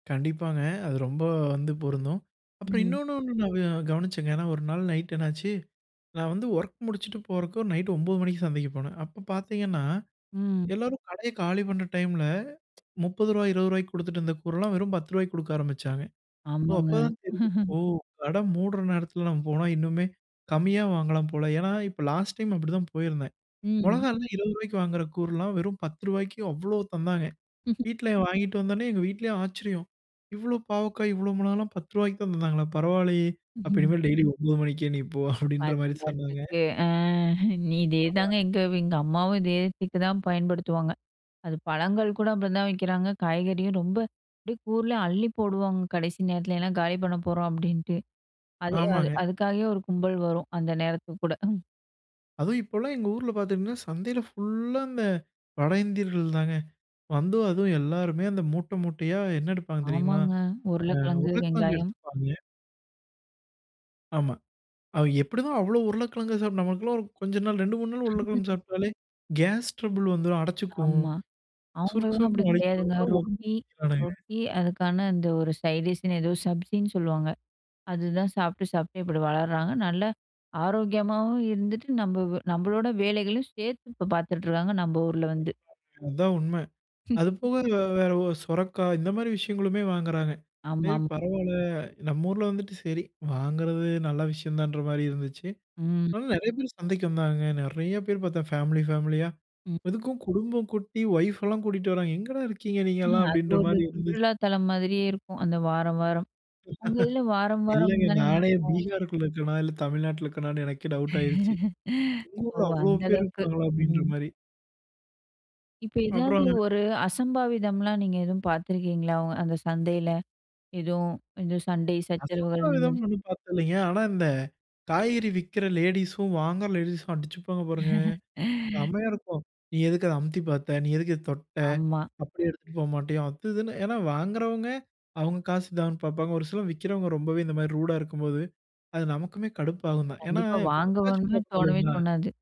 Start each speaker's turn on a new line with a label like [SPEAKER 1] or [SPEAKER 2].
[SPEAKER 1] கண்டிப்பாங்க. அது ரொம்ப வந்து பொருந்தும். அப்புறம்
[SPEAKER 2] ம்.
[SPEAKER 1] இன்னொன்னு ஒண்ணு நா கவனிச்சேங்க. ஏனா ஒரு நாள் நைட் என்னாச்சு, நா வந்து ஒர்க் முடிச்சுட்டு போறதுக்கு நைட் ஒன்பது மணிக்கு சந்தைக்கு போனேன். அப்ப பார்த்திங்கன்னா,
[SPEAKER 2] ம்.
[SPEAKER 1] எல்லாரும் கடைய காலி பண்ற டைம்ல 30 ரூவாய் 20 ரூவாய்க்கு குடுத்துட்டு இருந்த கூறலாம், வெறும் 10 ரூவாய்க்கு குடுக்க ஆரம்பிச்சாங்க. "ஓ
[SPEAKER 2] ஆமாங்க.
[SPEAKER 1] அப்பதான் தெரியும். ஓ கட மூடுற நேரத்துல நம்ம போனா இன்னுமே கம்மியா வாங்கலாம் போல." ஏன்னா, இப்ப லாஸ்ட் டைம் அப்படிதான் போயிருந்தேன்.
[SPEAKER 2] ம்.
[SPEAKER 1] மொளகால்லாம் 20 ரூவாய்க்கு வாங்ற கூர்றலாம் வெறும் 10 ரூவாய்க்கு அவ்ளோ தந்தாங்க. வீட்ல வாங்கிட்டு வந்தோன்னே, எங்க வீட்லயும் ஆச்சரியம். "இவ்ளோ பாவக்காய் இவ்ளோ மொளகால்லாம் பத்து ருவாய்க்குதான் தந்தாங்களா பரவாயில்லயே! அப்ப இனிமேல் டெய்லி 9 மணிக்கே நீ போ." அப்டின்ற மாரி
[SPEAKER 2] "பாத்திங்களா,
[SPEAKER 1] சொன்னாங்க.
[SPEAKER 2] ட்ரிக்கு. ஆ இதேதாங்க
[SPEAKER 1] ஆமாங்க.
[SPEAKER 2] எங்க எங்கம்மாவும் இதே ட்ரீக்கு தா பயன்படுத்துவாங்க." அது பழங்கள் கூட அப்படி தான் விக்கிறாங்க, காய்கறியும் ரொம்ப அப்டியே கூர்லயு அள்ளி போடுவாங்க. "கடைசி நேரத்துல ஏனா காலி பண்ண போறோம்" அப்படின்ட்டு. அது அது
[SPEAKER 1] ஆமாங்க.
[SPEAKER 2] அதுக்காகவே ஒரு கும்பல் வரும், அந்த நேரத்துக்கு கூட.
[SPEAKER 1] அதுவும் இப்போலாம் எங்க ஊர்ல பார்த்திங்கன்னா, சந்தையில ஃபுல்லா இந்த வட இந்தியர்கள் தாங்க. வந்து அதுவும் எல்லோருமே அந்த மூட்ட, மூட்டையா என்ன எடுப்பாங்க தெரியுங்களா?
[SPEAKER 2] ஆமாங்க
[SPEAKER 1] அ
[SPEAKER 2] உருளைக்கிழங்கு,
[SPEAKER 1] உருளைக்கிழங்கு
[SPEAKER 2] வெங்காயம்.
[SPEAKER 1] எடுத்துப்பாங்கே ஆமா அது எப்டிதான் அவ்ளோ உருளைக்கிழங்கு சாப்பிட்டு, நமக்கெல்லாம் ஒரு கொஞ்ச நாள் 2, 3 நாள் உருளைக்கிழங்கு சாப்பிட்டாலே, கேஸ் ட்ரபிள் வந்துரும், அடச்சுக்கும்
[SPEAKER 2] ஆமா.
[SPEAKER 1] சுருக்கு
[SPEAKER 2] அவங்களலாம் அப்படி
[SPEAKER 1] சுருக்குன்னு வலிக்கும்.
[SPEAKER 2] கெடையாதுங்க.
[SPEAKER 1] அவங்களா
[SPEAKER 2] ரொட்டி
[SPEAKER 1] திங்குறானுக.
[SPEAKER 2] ரொட்டி அதுக்கான அந்த ஒரு சைட் டிஷ் னு ஏதோ சப்ஜி ன்னு சொல்லுவாங்க. அதுதான் சாப்பிட்டு சாப்பிட்டு இப்படி வளர்றாங்க. நல்ல ஆரோக்கியமாகவும் இருந்துட்டு, நம்ம நம்மளோட வேலைகளையும் சேர்த்து இப்ப பார்த்துட்டு இருக்காங்க. நம்ம ஊர்ல வந்து.
[SPEAKER 1] அதா உண்ம. அது போக வேற சொரக்காய் இந்த மாரி விஷயங்களுமே வாங்குறாங்க. சரி
[SPEAKER 2] ஆமாமா.
[SPEAKER 1] பரவாயில்ல, நம்ம ஊர்ல வந்துட்டு சரி வாங்குறது நல்ல விஷயம்தான்ற மாதிரி இருந்துச்சு.
[SPEAKER 2] ம்.
[SPEAKER 1] ஆனா நெறைய பேர் சந்தைக்கு வந்தாங்க நெறைய பேர் பார்த்தேன் ஃபேமிலி, ஃபேமிலியா.
[SPEAKER 2] ம்.
[SPEAKER 1] இதுக்கும் குடும்ப குட்டி ஒய்ஃப்லா கூட்டிட்டு வராங்க "எங்கேடா இருக்கீங்க
[SPEAKER 2] அது
[SPEAKER 1] நீங்கள்லாம்?"அப்டின்ற
[SPEAKER 2] ஒரு
[SPEAKER 1] மாதிரி இருந்துச்சு.
[SPEAKER 2] சுற்றுலா தளம் மாதிரியே இருக்கும். அந்த வாரம், வாரம். உங்களிதுல வாரம், வாரம்
[SPEAKER 1] இல்லங்க
[SPEAKER 2] தானே
[SPEAKER 1] நானே
[SPEAKER 2] நடக்கும்.
[SPEAKER 1] பீகாருக்குள்ள இருக்கறேனா? இல்ல தமிழ்நாட்டில இருக்கறேனானு எனக்கே டவுட் ஆகிருச்சு. "எங்க
[SPEAKER 2] ஓ!
[SPEAKER 1] ஊரில அவ்ளோ
[SPEAKER 2] அந்த
[SPEAKER 1] பேர்
[SPEAKER 2] அளவுக்கு.
[SPEAKER 1] இருக்கிறார்களா?" அப்டிங்கற
[SPEAKER 2] ம்.
[SPEAKER 1] மாரி.
[SPEAKER 2] இப்ப ஏதாவது
[SPEAKER 1] அப்புறங்க.
[SPEAKER 2] ஒரு அசம்பாவிதம்லாம் நீங்க எதுவும் பார்த்துருக்கீங்களா, அந்த சந்தையில? எதுவும் இது சண்டை சச்சரவுகள் இந்த மாதிரி.
[SPEAKER 1] அசம்பாவிதம்னு ஒன்னும் பார்த்தது இல்லைங்க. ஆனா இந்த காய்கறி விற்கற லேடீஸ்ஸும் வாங்கற லேடீஸும் அடிச்சுப்பாங்க பாருங்க செம்மையா இருக்கும். "நீ எதுக்கு அத அமுத்தி பார்த்த? நீ எதுக்கு இத தொட்ட?
[SPEAKER 2] ஆமா.
[SPEAKER 1] அப்டி எடுத்துட்டு போக மாட்டியோ அது, இதுன்னு." ஏனா வாங்குறவங்க அவங்க காசு தான்ன்னு பாப்பாங்க. ஒரு சிலர் விக்கிறவங்க ரொம்பவே இந்த மாதிரி ரூடா இருக்கும்போது, அது நமக்குமே கடுப்பாகும்தான் ஏனா
[SPEAKER 2] கண்டிப்பா
[SPEAKER 1] தொட்டாச்சி
[SPEAKER 2] வாங்குவோன்னு
[SPEAKER 1] பாக்கணும்
[SPEAKER 2] தோணவே
[SPEAKER 1] இல்லைங்களா?
[SPEAKER 2] தோணாது.